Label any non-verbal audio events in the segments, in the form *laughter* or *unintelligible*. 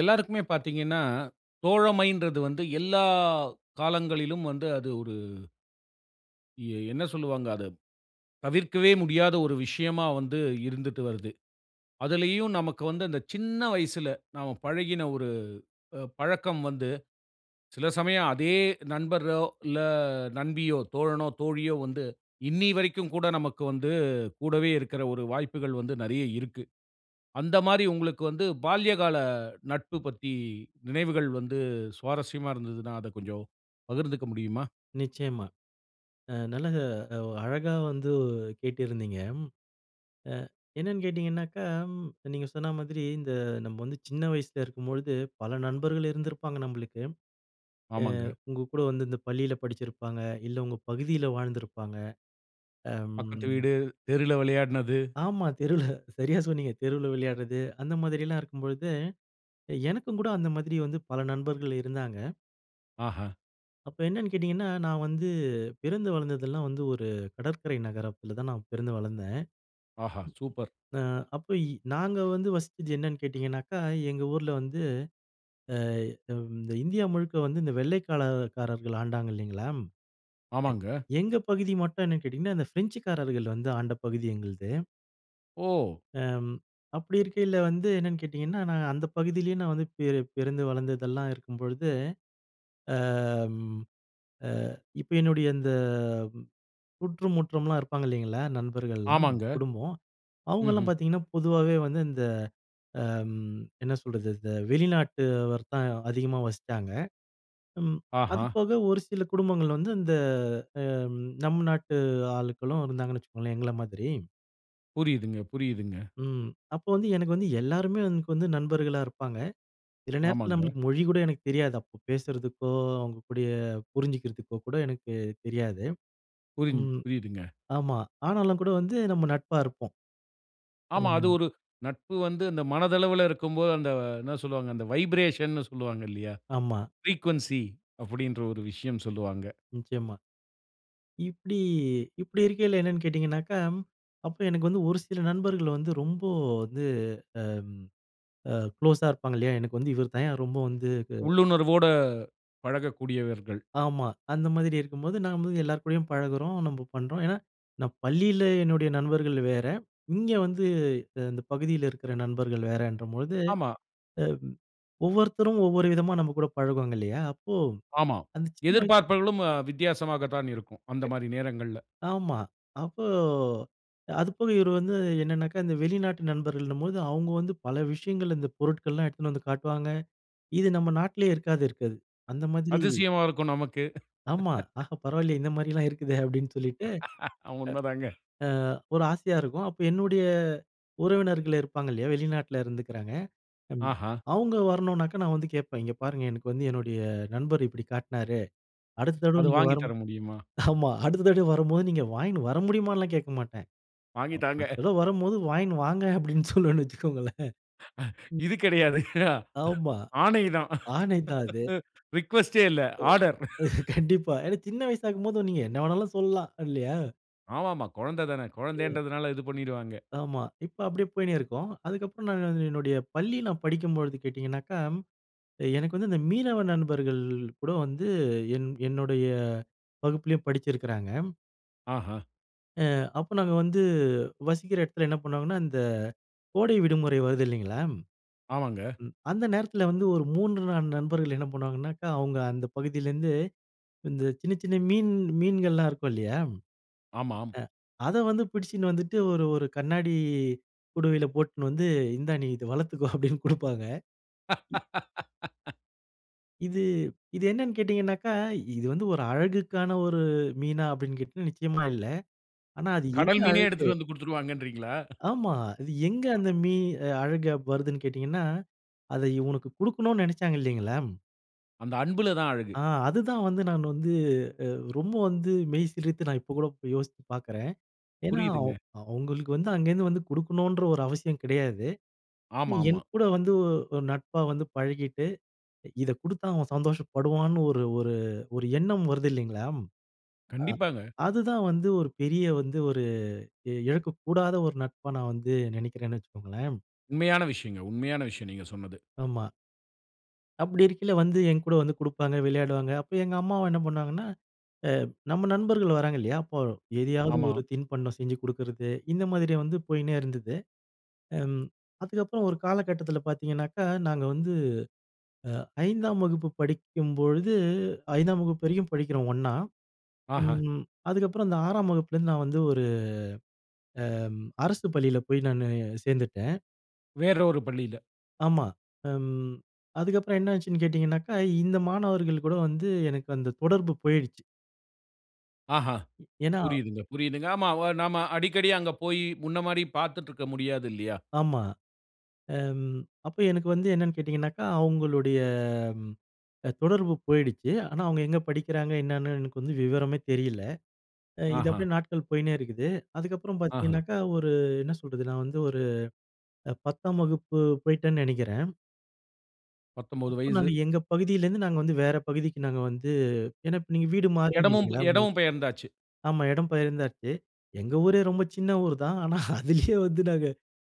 எல்லாருக்குமே பார்த்தீங்கன்னா, தோழமைன்றது வந்து எல்லா காலங்களிலும் வந்து அது ஒரு என்ன சொல்லுவாங்க அதை, தவிர்க்கவே முடியாத ஒரு விஷயமா வந்து இருந்துட்டு வருது. அதிலயும் நமக்கு வந்து அந்த சின்ன வயசுல நாம பழகின ஒரு அ பழக்கம் வந்து சில சமயம் அதே நண்பரோ, இல்ல நண்பியோ, தோழனோ, தோழியோ வந்து இன்னிய வரைக்கும் கூட நமக்கு வந்து கூடவே இருக்கிற ஒரு வாய்ப்புகள் வந்து நெறைய இருக்கு. அந்த மாரி உங்களுக்கு வந்து பால்ய கால நட்பு பத்தி நினைவுகள் வந்து சுவாரஸ்யமா இருந்ததுன்னா, அதை கொஞ்சம் பகிர்ந்துக்க முடியுமா? நிச்சயமா. அ நல்லக ஒ அழகா வந்து கேட்டிருந்தீங்க. அ என்னென்னு கேட்டிங்கனாக்கா, நீங்க சொன்ன மாதிரி இந்த நம்ம வந்து சின்ன வயசில இருக்கும்பொழுது, பல நண்பர்கள் இருந்திருப்பாங்க நம்மளுக்கு. அ ஆமாங்க. உங்க கூட வந்து இந்த பள்ளியில படிச்சுருப்பாங்க, இல்ல உங்க பகுதியில வாழ்ந்திருப்பாங்க. பக்கத்து அம். வீடு, தெருல விளையாடினது. ஆமா, தெருவுல சரியாக சொன்னீங்க. தெருவுல விளையாடுறது. அந்த மாதிரி எல்லாம் இருக்கும் பொழுது. எனக்கும் கூட அந்த மாதிரி வந்து பல நண்பர்கள் இருந்தாங்க. ஆஹ. அப்போ என்னன்னு கேட்டீங்கன்னா, நான் வந்து பிறந்து, வளர்ந்தது எல்லாம் வந்து ஒரு கடற்கரை நகரத்துல தான் நான் பிறந்து வளர்ந்தேன். ஆஹா, சூப்பர்! ஆ அப்போ நாங்க வந்து வசிச்சது என்னன்னு கேட்டீங்கன்னா, எங்க ஊருல வந்து அ இந்த இந்தியா முழுக்க வந்து இந்த வெள்ளைக்கால காரர்கள் ஆண்டாங்க இல்லீங்களா? ஆமாங்க. எங்க பகுதி மட்டும் என்னனு கேட்டீங்கன்னா, இந்த பிரெஞ்ச் காரர்கள் வந்து ஆண்ட பகுதி எங்களுது. ஓ! அ ம், அப்படி இருக்கைல வந்து என்னன்னு கேட்டீங்கன்னா, நாங்க அந்த பகுதியிலேயே நான் வந்து பி பிறந்து, வளர்ந்ததெல்லாம் இருக்கும்பொழுது, அ ம் அ இப்ப என்னுடைய இந்த சுற்று முற்றம்லாம் இருப்பாங்க இல்லங்களா நண்பர்கள்லாம், ஆமாங்க. குடும்பம் அவங்கலாம் ம்ஹ்ம். பாத்தீங்கன்னா, பொதுவாவே வந்து இந்த ம் என்ன சொல்றது? இந்த வெளிநாட்டு வர தான் அதிகமா வசித்தாங்க. ம் ஆஹா. அதுபோக ஒரு சில குடும்பங்கள் வந்து, ம் அந்த நம் நாட்டு ஆட்களும் இருந்தாங்கன்னு வச்சுக்கோங்களேன் எங்கள மாதிரி. புரியுதுங்க, புரியுதுங்க. ம். அப்போ வந்து எனக்கு வந்து எல்லோருமே எனக்கு வந்து நண்பர்களா இருப்பாங்க. சில நேரத்துல ஆமாங்க. நம்பளுக்கு மொழி கூட எனக்கு தெரியாது. அப்ப பேசுறதுக்கோ, அவங்க கூட புரிஞ்சுக்கிறதுக்கோ கூட எனக்கு தெரியாது. புரிஞ்ச் ம் புரியுதுங்க. ஆமா, ஆனாலும் கூட வந்து நம்ப நட்பா இருப்போம். ஆமா, அது ம். ஒரு நட்பு வந்து அந்த மனதளவுல இருக்கும்போ அந்த என்ன சொல்வாங்க, அந்த வைப்ரேஷன் னு சொல்லுவாங்க இல்லயா. ஆமா. ஃப்ரீக்வென்சி அப்டீன்குற ஒரு விஷயம் சொல்லுவாங்க. நிச்சயமா. இப்படி, இப்படி இருக்கேல என்னன்னு கேட்டீங்கன்னா, அப்போ எனக்கு வந்து ஒரு சில நண்பர்கள் வந்து ரொம்ப வந்து ம் அ குளோஸா இருப்பாங்க இல்லயா, எனக்கு வந்து இவரு தான் ரொம்ப வந்து உள்ளுணர்வோடு பழகக்கூடியவர்கள். ஆமா அந்த மாதிரி இருக்கும்போது நம்ப எல்லோர் கூடயும் பழகுறோம். நம்ப பண்ணுறோம். ஏன்னா, நான் பள்ளியில என்னுடைய நண்பர்கள் வேற. இங்க வந்து இந்த பகுதியில இருக்குற நண்பர்கள் வேறென்ற பொழுது ஆமா. ம் ஒவ்வொருத்தரும் ஒவ்வொரு விதமா நம்ப கூட பழகுவாங்க இல்லயா, அப்போ ஆமா. அந்த சின்ன வயசு எதிர்பார்ப்பவர்களும் வித்தியாசமாக தான் இருக்கும். அந்த மாரி நேரங்கள்ல. ஆமா. அப்போ அதுபோக இவரு வந்து என்னனாக்க இந்த வெளிநாட்டு நண்பர்கள் என்னும்போது அவங்க வந்து பல விஷயங்கள் இந்த பொருட்கள் எல்லாம் எடுத்துட்டு வந்து காட்டுவாங்க. இது நம்ப நாட்டுலேயே இருக்காது, இருக்காது. அந்த மாதிரி அதிசயமா இருக்கும், நமக்கு. ஆமா, *laughs* ஆஹா பரவாயில்லயே இந்த மாதிரிலாம் இருக்குதே னு, அப்டீன்னு சொல்லிட்டு *laughs* உண்மை தாங்க. *unintelligible* ஒரு ஆசையா இருக்கும். அப்ப என்னுடைய உறவினர்கள் இருப்பாங்க இல்லயா? வெளிநாட்டில இருந்துக்குறாங்க ஆஹா. அவங்க வரணுனா, நான் வந்து கேட்பேன், "இங்க பாருங்க, எனக்கு வந்து என்னுடைய நண்பர் இப்படி காட்டினாரு. அடுத்த தடவ அது நீங்க வாங்கி வரும்", தர முடியுமா? ஆமா, அடுத்த தடவ வரும்போது நீங்க வாங்கினு வர முடியுமான்னுலாம் கேட்க மாட்டேன். வாங்கி தாங்க. "அடுத்த தடவ வரும்போது வாங்கின்னு வாங்க" அப்டீன்னு சொல்லுவன்னு வச்சுக்கோங்களேன். *breath* ம். இது கிடையாது. *laughs* ஆமா. ஆணை தான். ஆணைதான் அது. *laughs* ரிக்வெஸ்டே இல்ல. ஆர்டர். *laughs* கண்டிப்பா. ஏன்னா, சின்ன வயசாகும்போது நீங்க என்ன வேண்டுமானாலும் சொல்லலாம் இல்லயா? ஆமாமா. கொழந்ததானே ம். கொழந்தைன்றதுனால இது பண்ணிருவாங்க. ஆமா. இப்ப அப்டியே போயினே இருக்கும். அதுக்கு அப்புறம் நான் வந்து என்னுடைய பள்ளி நான் படிக்கும்போழுது கேட்டீங்கன்னாக்கா? எனக்கு வந்து இந்த மீனவ நண்பர்கள் கூட வந்து என் என்னுடைய வகுப்பிலேயும் படிச்சுருக்கிறாங்க. ஆஹா! ஆ அப்ப நாங்க வந்து வசிக்கிற எடத்துல என்ன பண்ணுவாங்கன்னா? இந்த கோடை விடுமுறை வருது இல்லைங்களா, ஆமாங்க. அந்த நேரத்துல வந்து ஒரு 3, 4 நண்பர்கள் என்ன பண்ணுவாங்கனாக்க? அவங்க அந்த பகுதியிலருந்து இந்த சின்ன, சின்ன மீன் மீன்கள்லாம் இருக்கும் இல்லையாம். ஆமாம். ஆ அத வந்து பிடிச்சுன்னு வந்துட்டு ஒரு ஒரு கண்ணாடி குடுவையில போட்டுனு வந்து "இந்தா நீ இத வளர்த்துக்கோ அப்டின் குடுப்பாங்க." *laughs* இது இது என்னனு கேட்டீங்கன்னாக்க? இது வந்து ஒரு அழகுக்கான ஒரு மீனா அப்டின் கேட்டீங்கன்னாக்க நிச்சயமா இல்ல. ஆனா அது கடல் எங்கு மீனே அழகு எடுத்துட்டு வந்து குடுத்துருவாங்கன்றீங்களா? ஆமா. இது எங்க அ. அந்த மீன் அழகா வருதுன் கேட்டீங்கன்னா? அத இவனுக்கு குடுக்கனுன் நெனைச்சாங்க இல்லைங்களா அந்த அன்புலதான் அழகு. ஆ அதுதான் வந்து நான் வந்து அ ரொம்ப வந்து மெய்சிலித்து நான் இப்போ கூட யோசித்து பார்க்குறேன். ஏனா அவுங் புரியிதுங்க. அவங்களுக்கு வந்து அங்கேருந்து வந்து குடுக்கணுன்ற ஒரு அவசியம் கிடையாது. ஆமா, ஆமா. என்கூட வந்து ஒரு நட்பா வந்து பழகிட்டு இத குடுத்தா அவன் சந்தோஷப்படுவான்னு ஒரு ஒரு ஒரு எண்ணம் வருது இல்லைங்களாம்? அ கண்டிப்பாங்க. அதுதான் வந்து ஒரு பெரிய வந்து ஒரு இழக்கக்கூடாத ஒரு நட்பா நான் வந்து நெனைக்கிறேன்னு வச்சுக்கோங்களேன். உண்மையான விஷயங்க, உண்மையான விஷயம் நீங்க சொன்னது. ஆமா. அப்படி இருக்கையில வந்து என் கூட வந்து குடுப்பாங்க, விளையாடுவாங்க. அப்ப எங்க அம்மாவ என்ன பண்ணுவாங்கன்னா, அ நம்ம நண்பர்கள் வராங்க இல்லையா? அப்போ எதையாவது ஆமா. ஒரு தின்பண்டம் செஞ்சு கொடுக்குறது, இந்த மாதிரி வந்து போயின்னே இருந்துது. ம் அதுக்கப்புறம் ஒரு காலகட்டத்தில பாத்தீங்கனாக்கா, நாங்க வந்து, அ 5ஆம் வகுப்பு படிக்கும்பொழுது, 5ஆம் வகுப்பு வரையும் படிக்கிறோம் ஒண்ணா, அஹ. ம் அதுக்கப்புறம் அந்த 6ஆம் வகுப்புலருந்து நான் வந்து ஒரு, அம் அரசு பள்ளியில போய் நானு சேர்ந்துட்டேன் வேற ஒரு பள்ளியில. ஆமா. ம் அதுக்கப்பறம் என்ன ஆச்சுன்னு கேட்டிங்கனாக்கா, இந்த மாணவர்கள் கூட வந்து எனக்கு அந்த தொடர்பு போய்டுச்சு. ஆஹா. ஏன்னா புரியுதுங்க, புரியுதுங்க. ஆமா நாம அடிக்கடி அங்க போயி, முன்ன மாரி பாத்துட்ருக்க முடியாது இல்லையா? ஆமா, அம் அப்ப எனக்கு வந்து என்னென்னு கேட்டிங்கனாக்கா, அவுங்களுடைய அம் தொடர்பு போயிடுச்சு. ஆனா அவுங்க எங்க படிக்கிறாங்க என்னான்னு எனக்கு வந்து விவரமே தெரியல. இது ஆஹ. அப்டியே நாட்கள் போயின்னே இருக்குது. அதுக்கப்புறம் ஆஹ. பாத்தீங்கன்னாக்கா, ஒரு என்ன சொல்றது, நான் வந்து ஒரு அ 10ஆம் வகுப்பு போயிட்டேன் நெனைக்கிறேன். 19 அப்போ நாங்க வயசு. எங்க பகுதியில இருந்து நாங்க வந்து வேற பகுதிக்கு நாங்க வந்து ஏன்னா, இப்போ நீங்க வீடு மாறுறீங்க இடமும் இல்லைங்களா, உங்களுக்கு? இடமும் பெயர்ந்தாச்சு. ஆமா இடம் பெயர்ந்தாச்சு. எங்க ஊரே ரொம்ப சின்ன ஊர் தான். ஆனா அதிலயே வந்து நாங்க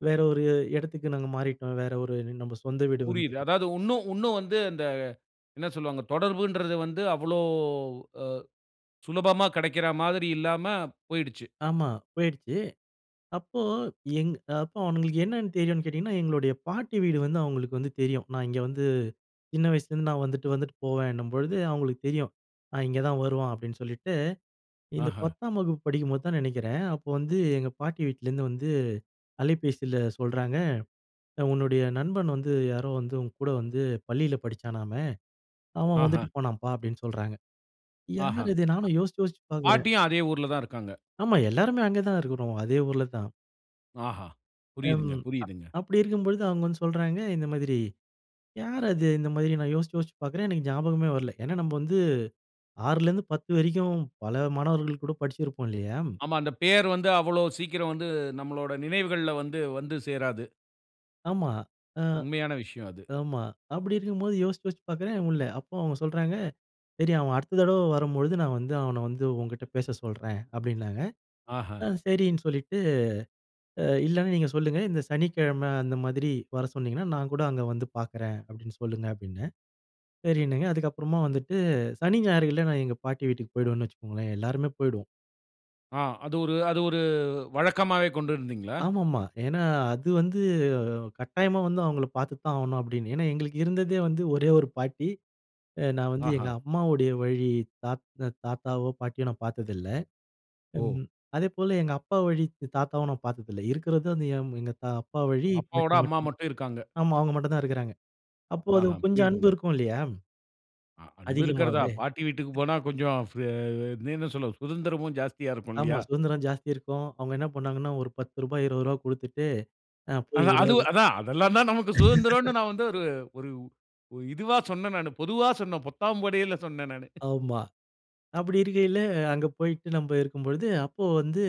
வேற ஒரு இடத்துக்கு நாங்க மாறிட்டோம். வேற ஒரு நம்ம சொந்த வீடு வந்து, புரியுது. அதாவது உன்னும் உன்னும் வந்து அந்த என்ன சொல்வாங்க, தொடர்புங்கறது வந்து அவ்ளோ அ சுலபமா கிடைக்கிற மாதிரி இல்லாம போய்டுச்சு. ஆமா போயிடுச்சு. அப்போ எங் அப்போ அவங்களுக்கு என்னன்னு தெரியும்னு கேட்டிங்கன்னா? எங்களுடைய பாட்டி வீடு வந்து அவங்களுக்கு வந்து தெரியும். நான் இங்கே வந்து சின்ன வயசுலருந்து நான் வந்துட்டு வந்துட்டு போவேன்னும்பொழுது, அவங்களுக்கு தெரியும். ஆ இங்கே தான் வருவான் அப்படின்னு சொல்லிட்டு, இந்த ஆஹ. 10ஆம் வகுப்பு படிக்கும்போது தான் நினைக்கிறேன். அப்போ வந்து எங்க பாட்டி வீட்லேருந்து வந்து அலைபேசியில சொல்றாங்க. "உன்னுடைய நண்பன் வந்து யாரோ வந்து உன் கூட வந்து பள்ளில படிச்சானாமே, அவன் ஆஹா. வந்துட்டு போனான்ப்பா." அப்படின்னு சொல்றாங்க. ஆஹ. யார் இது நானும் யோசிச்சு யோசிச்சு பார்க்குறேன். பாட்டியும் அதே ஊர்ல தான் இருக்காங்க. ஆமா எல்லாருமே அங்கே தான் இருக்கிறோம். அதே ஊர்ல தான். ஆஹா! ம். புரியுதுங்க. அப் புரியுதுங்க. அப்படி இருக்கும் பொழுது அவங்க வந்து சொல்றாங்க. இந்த மாதிரி யார் அது? இந்த மாதிரி நான் யோசிச்சு யோசிச்சு பார்க்கிறேன். எனக்கு ஞாபகமே வரல. ஏன்னா, நாம வந்து 6ல இருந்து 10 வரைக்கும் பல மாணவர்கள் கூட படிச்சிருப்போம், இல்லையா. ஆமா, அந்த பெயர் வந்து அவ்வளோ சீக்கிரம் வந்து நம்மளோட நினைவுகள்ல வந்து, வந்து சேராது. ஆமா, அ உண்மையான விஷயம் அது. ஆமா அப்டி இருக்கும்போது யோசிச்சு, யோசிச்சு பார்க்றேன் முடில்ல. அப்போ அவுங்க சொல்றாங்க "சரி அவன் அடுத்த தடவ வரும் பொழுது நான் வந்து, அவன வந்து உன்கிட்ட பேச சொல்றேன்" அப்டின்னாங்க. ஆஹா! அ சரின்னு சொல்லிட்டு "அ இல்லனா நீங்க சொல்லுங்க, இந்த சனிக்கிழம அந்த மாதிரி வர சொன்னிங்கன்னா, நான் கூட அங்கே வந்து பார்க்றேன்" அப்டின்னு சொல்லுங்க அப்டின்னேன், சரின்னாங்க. அதுக்கப்புறமா வந்துட்டு சனி ஞாயிறுல நான் எங்க பாட்டி வீட்டுக்கு போயிடுவேன்னு வச்சுக்கோங்களேன், எல்லாருமே போயிடுவோம். அ அது ஒரு அது ஒரு வழக்கமாவே கொண்டிருந்தீங்களா? ஆமாமா, ஏன்னா அது வந்து கட்டாயமா வந்து அவங்கள பார்த்து தான் ஆகணும் அப்டின்னு. ஏன்னா எங்களுக்கு இருந்ததே வந்து ஒரே ஒரு பாட்டி. அ நான் வந்து எங்க ஆஹா. அம்மாவுடைய வழி தாத் தாத்தாவோ பாட்டியோ நான் பார்த்ததில்ல. ஓ! ம் அதேபோல எங்க அப்பா வழி தாத்தாவும் நான் பார்த்ததில்ல. இருக்கறது வந்து எங்க அப்பா வழி பாட்டி அப்பாவோட அம்மா மட்டும்தான். மட்டும் இருக்காங்க. ஆமா அவுங்க மட்டும்தான் இருக்குறாங்க. அப்போ அது ஆஹா, கொஞ்சம் அன்பு புரியுதுங்க. இருக்கும் இல்லயா? அ அன்பு இருக்கிறதா? அதிகமாவே. பாட்டி வீட்டுக்கு போனா கொஞ்சம் ஃப்ர *unintelligible* என்ன சொல்ல, சுதந்திரமும் ஜாஸ்தியா இருக்கும் ஆமா இல்லயா? சுதந்திரம் ஜாஸ்தி இருக்கும். அவுங்க என்ன பண்ணாங்கன்னா, ஒரு பத்து ரூபா, இருபது ரூபா குடுத்துட்டு அ போய் அதான் அது எதாவது அதான் அதெல்லாம் தான் நமக்கு சுதந்திரன்னு *laughs* நான் வந்து ஒரு, ஒரு ஒ இதுவா சொன்னேன் நானு. பொதுவா சொன்னேன், பொத்தாம்படையில சொன்னேன் நானு. ஆமா அப்டி இருக்கையில, அங்க போயிட்டு நம்ப இருக்கும்பொழுது, அப்போ வந்து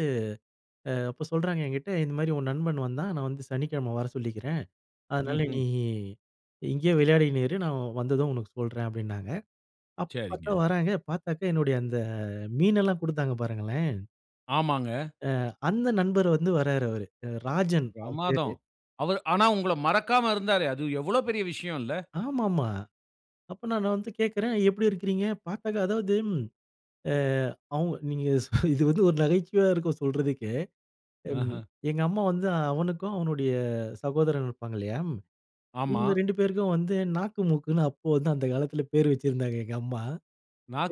அ அப்ப சொல்றாங்க என்கிட்ட, இந்த மாதிரி உன் நண்பன் வந்தான் நான் வந்து சனிக்கிழம வர சொல்லிக்கிறேன், அதனால ம்ஹ்ம். நீ நீ இங்கேயே விளையாடிகின்னு இரு, நான் வந்ததும் உனக்கு சொல்றேன் அப்டின்னாங்க. அப்ப பார்த்தா சரிங்க. வராங்க பார்த்தாக்க, என்னுடைய அந்த மீனெல்லாம் குடுத்தாங்க பாருங்களேன் ஆமாங்க. ஆ, அந்த நண்பர் வந்து வர்றாரு அவரு, அ, ராஜன் அவரு பேரு. பிரமாதம். அவரு ஆனா உங்கள மறக்காம இருந்தாரே! அது எவ்ளோ பெரிய விஷயோன்ல. ஆமாமா! அப்ப நான் வந்து கேட்கிறேன், எப்பிடி இருக்கிறீங்க? பார்த்தாக்க அதாவது ஏ அவங்க நீங்க இது வந்து ஒரு நகைச்சுவையா இருக்கும் சொல்றதுக்கே! ம், ஆஹ. எங்க அம்மா வந்து அ, அவனுக்கு அவனுடைய சகோதரன் இருப்பாங்க இல்லயா! ஆமா. இவுங்க 2 பேருக்கும் வந்து நாக்கு மூக்குன்னு அப்போ வந்து அந்த காலத்தில பேரு வச்சிருந்தாங்க எங்க அம்மா.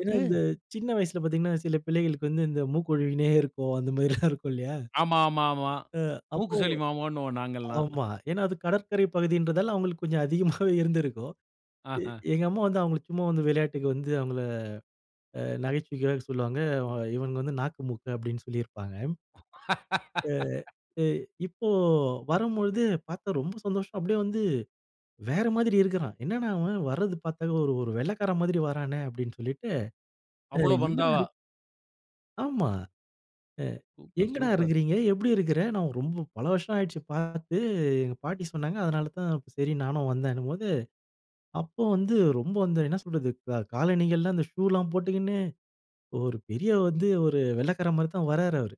ஏன்னா, இந்த சின்ன வயசில பார்த்தீங்கனா சில பிள்ளைகளுக்கு வந்து இந்த மூக்கு ஒழுவினே இருக்கும் அந்த மாரிலாம் இருக்கும் *chuckles* இல்லயா! ஆமா, ஆமா, ஆமா. ஆ அப்போ மூக்கு சளி மாமான்னுவோம் நாங்கல்லாம். ஆமா. ஏனா அது கடற்கரை பகுதின்றதால அவுங்களுக்கு கொஞ்சம் அதிகமாவே இருந்திருக்கும் எ ஆஹ. எங்க அம்மா வந்து அவுங்கள சும்மா வந்து விளையாட்டுக்கு வந்து அவுங்கள அ நகைச்சுவைக்காக சொல்லுவாங்க. அவன் இவனுங்க வந்து நாக்கு மூக்கு அப்பிடினு சொல்லியிருப்பாங்க. அ, *laughs* அ இப்போ வரும்பொழுது பார்த்தா ரொம்ப சந்தோஷம் அப்பிடியே வந்து வேற மாதிரி இருக்கிறான். என்னடா! அவன் வர்றது பார்த்தாவே ஒரு, ஒரு வெள்ளைக்காரன் மாதிரி வரானே! அப்பிடின்னு சொல்லிட்டு அ அவ்ளோ எங்கடா பந்தாவா? *unintelligible* ஆமா. அ சூப்பர், எங்கடா! சூப்பர். இருக்கிறீங்க எப்பிடி இருக்கிற? நான் ரொம்ப பல வருஷம் ஆயிடுச்சு பார்த்து எங்க பாட்டி சொன்னாங்க. அதனால தான் சரி நானும் வந்தேனும்போது, அப்போ வந்து ரொம்ப வந்து என்ன சொல்றது, காலணிகள்லாம் அந்த ஷு ல்லாம் போட்டுக்கின்னு, ஒரு பெரிய வந்து ஒரு வெள்ளைக்கார மாரி தான் வர்றாரு அவரு.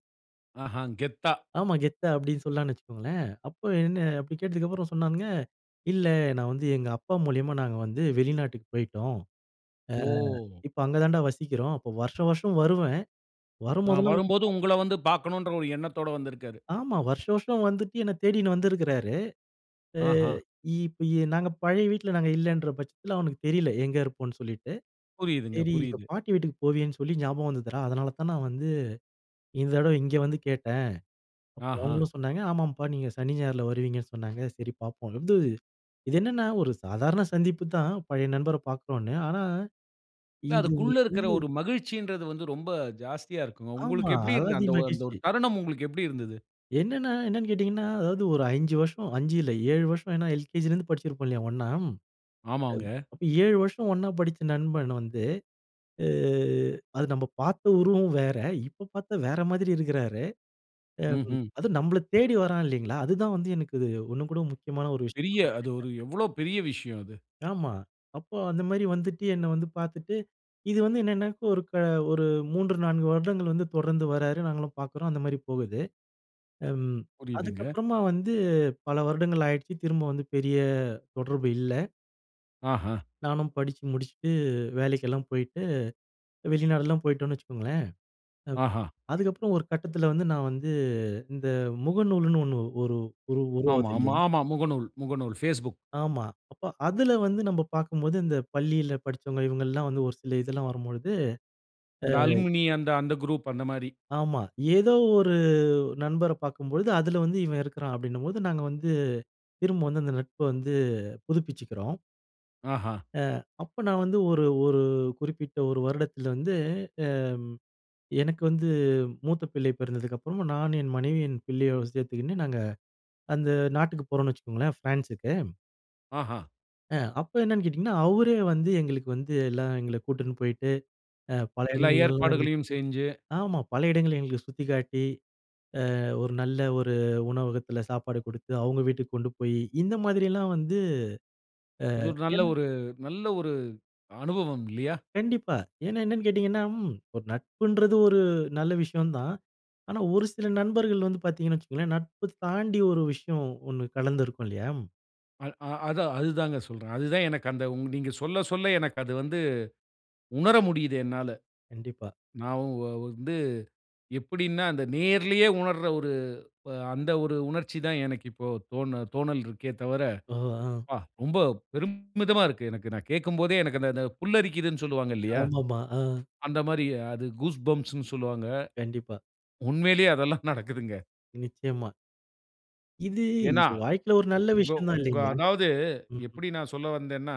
ஆஹா! கெத்தா. ஆமா. கெத்தா அப்டி சொல்லலானு வச்சுக்ககோங்களேன். அப்ப என்ன அப்டி கேட்டதுக்கு அப்புறம் சொன்னாங்க. இல்ல நான் வந்து எங்க அப்பா மூலியமா நாங்க வந்து வெளிநாட்டுக்கு போயிட்டோம். ஆ ஓ! இப்ப அங்க தான்ட வசிக்கிறோம். அப்ப வருஷம், வருஷம் வருவேன். நான் வரும்போதெல்லாம் உன்ன வரும்போது பாத்துட்டு உங்கள வந்து பார்க்கணும்ன்ற ஒரு எண்ணத்தோட வந்திருக்கிறாரு. ஆமா. வருஷம், வருஷம் வந்துட்டு என்ன தேடினு வந்துருக்கிறாரு. ஆ ஆஹா! இப்ப நாங்க பழைய வீட்ல நாங்க இல்லைன்ற பட்சத்துல அவனுக்கு தெரியல எங்க இருப்போம்ன்னு சொல்லிட்டு. புரியிதுங்க, சரி எங்க புரியிது. பாட்டி வீட்டுக்கு போவியேன்னு சொல்லி ஞாபகம் வந்ததுடா அதனால தான் நான் வந்து இந்த தடவ இங்கே வந்து கேட்டேன். அப்போ ஆஹா! அவங்களும் சொன்னாங்க ஆமாம்ப்பா நீங்க சனி, ஞாயிறுல வருவீங்கன்னு சொன்னாங்க சரி பார்ப்போம். இது என்னன்னா ஒரு சாதாரண சந்திப்பு தான் பழைய நண்பர பார்க்குறோன்னு. ஆனா இல்ல. இது அதுக்குள்ள உங்களுக்கு இருக்குற வந்து ஒரு மகிழ்ச்சின்றது வந்து ரொம்ப ஜாஸ்தியா இருக்குமே. ஆமா. உங்களுக்கு எப்டி இருந்தது அலாதி அந்த ஒ அந்த மகிழ்ச்சி. ஒரு தருணம் உங்களுக்கு எப்டி இருந்தது? என்னென்ன என்னென்னு கேட்டிங்கன்னா? அதாவது ஒரு 5 வருஷம் அஞ்சு இல்ல 7 வருஷம். ஏனா எல்கேஜிலேருந்து படிச்சிருப்போம் இல்லையா ஒண்ணா. ஆமாங்க. அப்ப 7 வருஷம் ஒண்ணா படிச்ச நண்பன் வந்து ஆ அது நம்ப பார்த்த உருவம் வேற இப்ப பார்த்தா வேற மாதீரி இருக்கிறாரு. அ ம்ஹ்ம். அதும் நம்மள தேடி வரான் இல்லைங்களா? அதுதான் வந்து எனக்கு இது உண்ணும் கூட முக்கியமான ஒரு விஷயம் பெரிய அது நெனைப்பேன். ஒரு எவ்வளோ பெரிய விஷயம் அது. ஆமா. அப்போ அந்த மாதிரி வந்துட்டு என்ன வந்து பார்த்துட்டு. இது வந்து என்னென்னா ஒரு ஒரு 3, 4 வருடங்கள் வந்து தொடர்ந்து வராரு நாங்களும் பார்க்குறோம் அந்த மாரி போகுது. ம் அதுக்கு புரியிதுங்க. அப்புறமா வந்து பல வருடங்கள் ஆயிடுச்சு திரும்ப வந்து பெரிய தொடர்பு இல்ல. ஆஹ. நானும் படிச்சு முடிச்சிட்டு, வேலைக்கெல்லாம் போயிட்டு, வெளிநாடுலாம் போயிட்டோன்னு வச்சுக்கோங்களேன். அ, ஆஹா. அதுக்கப்பறம் ஒரு கட்டதுல வந்து, நான் வந்து, இந்த முகநூல்ன்னு ஒண்ணு ஒரு, ஒரு ஆமா உருவாது மா, இல்லையா? ஆமா, முகநூல், முகநூல் Facebook. ஆமா. அப்ப அதுல வந்து, நம்ம பாக்கும்போது, இந்த பள்ளில படிச்சவங்க இவங்கல்லாம், வந்து ஒரு சில இதெல்லாம் வரும்பொழுது அ. அந்த அலுமினி, அந்த, அந்த குரூப் அந்த மாரி. ஆமா. ஏதோ ஒரு நண்பரப் பாக்கும்பொழுது, அதுல வந்து இவன் இருக்குறான். அப்டினும்போது நாங்க வந்து, திரும்ப வந்து அந்த நட்ப வந்து புதுப்பிச்சுக்குறோம். ஆஹா அ, அப்ப நான் வந்து ஒரு, ஒரு குறிப்பிட்ட ஒரு வருடத்துல வந்து, அம், எனக்கு வந்து மூத்த பிள்ளை பிறந்ததுக்கு அப்றமா, நானும் என் மனைவி என் பிள்ளைய சேத்துக்கின்னு நாங்க, அந்த நாட்டுக்கு போறோன்னு வச்சுக்கோங்களேன் ஃபிரான்ஸுக்கு. ஆஹா அ, அப்ப என்னென்னு கேட்டீங்கன்னா, அவரே வந்து எங்களுக்கு வந்து எல்லாம் எங்கள கூட்டின்னு போயிட்டு, அ, பல எல்லா இடங்கள்லல்லாம். ஏற்பாடுகளையும் செஞ்சு ஆமா, பல இடங்கள எங்களுக்கு சுத்திக்காட்டி, அ, ஒரு நல்ல ஒரு உணவகத்துல சாப்பாடு குடுத்து, அவுங்க வீட்டுக்கு கொண்டு போயி, இந்த மாதிரியெல்லாம் வந்து அது அ, ஒரு நல்ல என் ஒரு, நல்ல ஒரு அனுபவம் இல்லையா? கண்டிப்பா. ஏன்னா என்னன்னு கேட்டீங்கன்னா, ம் ஒரு நட்புன்றது ஒரு நல்ல விஷயந்தான். ஆனா ஒரு சில நண்பர்கள் வந்து பாத்தீங்கன்னு வச்சிக்கோங்களேன், நட்பு தாண்டி ஒரு விஷயம் ஒண்ணு கலந்திருக்கும் இல்லையா. அல், ஆ. அதான், அதுதாங்க சொல்றேன். அது தான், எனக்கு அந்த நீங்க சொல்ல சொல்ல எனக்கு அது வந்து, உணர முடியுது என்னால. கண்டிப்பா. நான் வ் வ வந்து எப்படினா, அந்த நேரிலேயே உணர்ற ஒரு, அந்த ஒரு உணர்ச்சி தான், எனக்கு இப்போ தோ தோணல் இருக்கே தவர. ஓஹோ! ஆ. ப, ரொம்ப பெருமிதமா இருக்கு எனக்கு. நான் கேட்கும்போதே எனக்கு, அந்த, அந்த புல்லரிக்கிதுனு சொல்வாங்க இல்லையா. ஆமாமா. ஆ. அந்த மாரி, அது கூஸ்பம்ஸ்னு சொல்வாங்க. கண்டிப்பா. உண்மையிலேயே அதெல்லாம் *chuckles* நடக்குதுங்க. நிச்சயமா. இது, ஏனா, இது வாழ்க்கையில ஒரு நல்ல கோ விஷயந்தா உங்க இல்லைங்களா? அதாவது, ம்ஹ். எப்படி நான் சொல்ல வந்தேன்னா,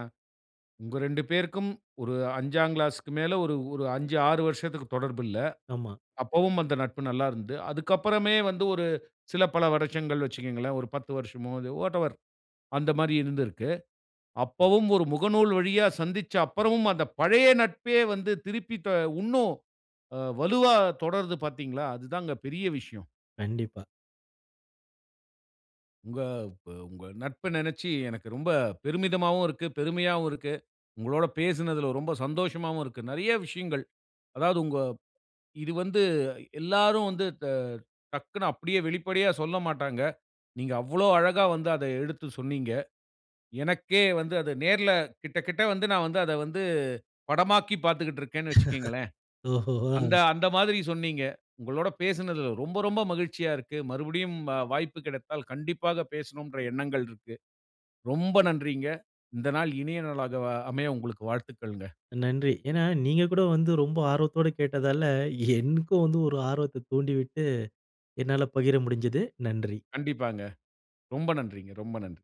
உங்க ரெண்டு பேருக்கும், ஒரு 5 கிளாஸ்க்கு மேல, 1 ஒரு 5, 6 வருஷத்துக்கு தொடர்பு இல்ல. ஆமா. அப்பவும் அந்த நட்பு, நல்லா இருந்தது. அதுக்கு அப்புறமே வந்து, ஒரு சில பல வருஷங்கள் வச்சுக்கோங்களேன். ஒரு 10 வருஷமோ, அது வாட்டெவர். அந்த மாரி இருந்திருக்கு. அப்பவும் ஒரு முகநூல் வழியா சந்திச்ச அப்புறமும், அந்த பழைய நட்பே வந்து திருப்பி, த இன்னும் அ வலுவா தொடருது பாத்தீங்களா. அதுதாங்க பெரிய விஷயம். கண்டிப்பா. உங்க, ப உங்க நட்ப நெனச்சு எனக்கு ரொம்ப பெருமிதமாவும் இருக்கு. பெருமையாவும் இருக்கு. உங்களோடு பேசுனதுல ரொம்ப சந்தோஷமாவும் இருக்கு. நெறயா விஷயங்கள். அதாவது உங்க, இது வந்து எல்லோரும் வந்து, த டக்னு அப்படியே வெளிப்படையா சொல்லமாட்டாங்க. நீங்க அவ்வளவு அழகா வந்து, அத எடுத்து சொன்னீங்க. எனக்கே வந்து, அத நேர்ல கிட்ட கிட்ட வந்து, நான் வந்து, அத வந்து படமாக்கிப் பாத்துகிட்டு இருக்கேனு வச்சுக்கோங்களேன். *laughs* ஓஹோ! அந்த, ஹான். அந்த மாரி சொன்னீங்க. உங்களோடு பேசுனதுல ரொம்ப, ரொம்ப மகிழ்ச்சியா இருக்கு. மறுபடியும் வாய்ப்பு கிடைத்தால், கண்டிப்பாக பேசணும்ன்ற எண்ணங்கள் இருக்கு. ரொம்ப நன்றிங்க. இந்த நாள் இனிய நாளாக அமைய உங்களுக்கு வாழ்த்துக்கள்ங்க. நன்றி. ஏன்னா, நீங்க கூட வந்து, ரொம்ப ஆர்வத்தோடு கேட்டதால, என்க்கும் வந்து ஒரு ஆர்வத்தை தூண்டிவிட்டு, என்னால பகிர முடிஞ்சது. நன்றி. கண்டிப்பாங்க. ரொம்ப நன்றிங்க. ரொம்ப நன்றி.